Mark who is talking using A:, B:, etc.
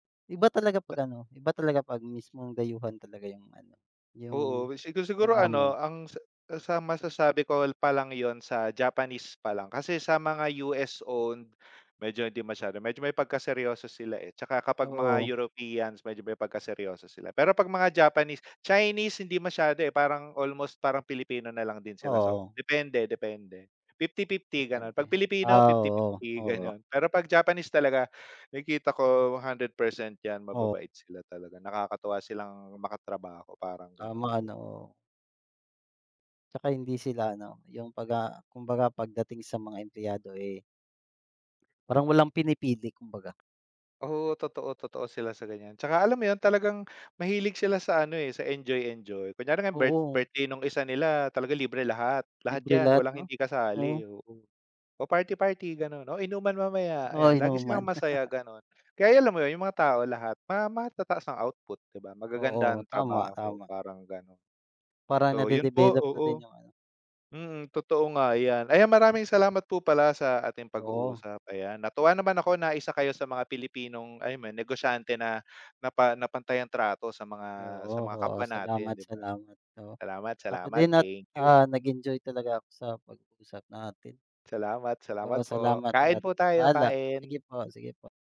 A: Iba talaga
B: Da
A: 'pag ano, iba talaga 'pag mismong dayuhan talaga yung ano, yung
B: Oo. Sigu
A: yung
B: siguro
A: amo.
B: ano, ang sa sa masasabi ko pa lang 'yon sa Japanese pa lang. Kasi sa mga US owned, medyo, hindi masyado, medyo may pagkaseryoso sila, eh. Tsaka kapag mga
A: Oo.
B: Europeans, medyo may pagkaseryoso sila. Pero 'pag mga Japanese Chinese, hindi masyado, eh, parang, almost parang Pilipino na lang din sila, so
A: Oo.
B: depende depende, 50/50 gano'n. 'Pag
A: Depende.
B: Pilipino
A: Ah,
B: fifty
A: oo,
B: fifty
A: oo.
B: gano'n. Pero 'pag Japanese talaga, nakikita ko 100% 'yan,
A: Oo.
B: mababait sila talaga. Nakakatuwa silang makatrabaho, parang gan'on.
A: Tama 'no. Tsaka hindi sila ano, yung paga kumbaga pagdating sa mga empleyado, eh parang walang pinipili kumbaga.
B: Oo. Totoo, totoo sila sa ganiyan. Tsaka alam mo 'yon, talagang mahilig sila sa ano, eh, sa enjoy-enjoy. Kunyari ngayon birth
A: Oo.
B: birthday nung isa nila, talaga libre lahat. Lahat
A: Libre
B: 'yan,
A: lahat
B: walang
A: 'no,
B: hindi kasali,
A: oo.
B: oo. O, party-party ganun, o inuman mamaya,
A: Oo,
B: ayan. Lagi silang
A: inuman.
B: masaya, gano'n. Kaya ay alam mo 'yon, yung mga tao lahat, ma matataas ang output, 'di ba? Magaganda
A: Oo,
B: ang
A: tama,
B: trabaho,
A: tama.
B: parang gano'n.
A: Parang
B: So, yun po,
A: nade-develop na
B: oo.
A: din yung ano
B: Mm, totoo nga 'yan. Ayan, maraming salamat po pala sa ating
A: Oo.
B: pag-uusap, ayan. Natuwa naman ako na isa kayo sa mga Pilipinong ay man negosyante na na pa na pantay ang trato sa mga
A: Oo,
B: sa mga
A: oo.
B: kapwa natin,
A: Salamat,
B: 'di ba?
A: salamat. Oo.
B: Salamat,
A: Ako
B: salamat.
A: din at,
B: Thank you.
A: ah, nag-enjoy talaga ako sa pag-uusap natin.
B: Salamat,
A: Oo.
B: salamat po.
A: Salamat
B: Kain
A: at
B: po tayo,
A: paalam. Sige
B: kain.
A: po, sige po.